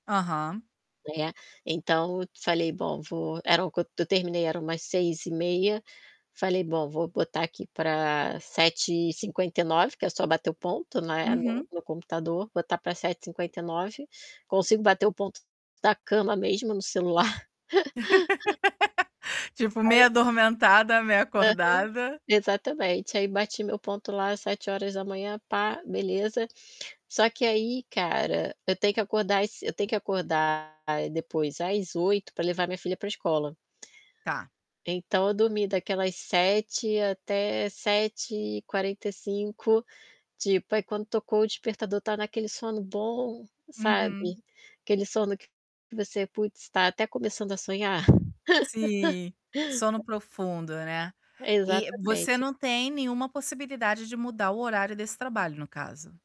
Aham. Né, então eu falei: "Bom, eu vou" era o quando eu terminei era umas 6h30, falei: "Bom, vou botar aqui pra 7h59", que é só bater o ponto, né, no Uhum. no computador, botar pra 7h59. Consigo bater o ponto da cama mesmo, no celular. Tipo, meia Aí atormentada, meia Aham, acordada. exatamente. Aí bati meu ponto lá 7h pá, beleza. Só que aí, cara, eu tenho que acordar es eu tenho que acordar, aí depois às 8h pra levar minha filha pra escola. Tá. Então eu dormi daquelas 7h até 7h45. Tipo, aí quando tocou o despertador, estava naquele sono bom, sabe, Uhum. aquele sono que você, putz, tá até começando a sonhar. Sim, sono profundo, né. E você Exatamente. não tem nenhuma possibilidade de mudar o horário desse trabalho, no caso?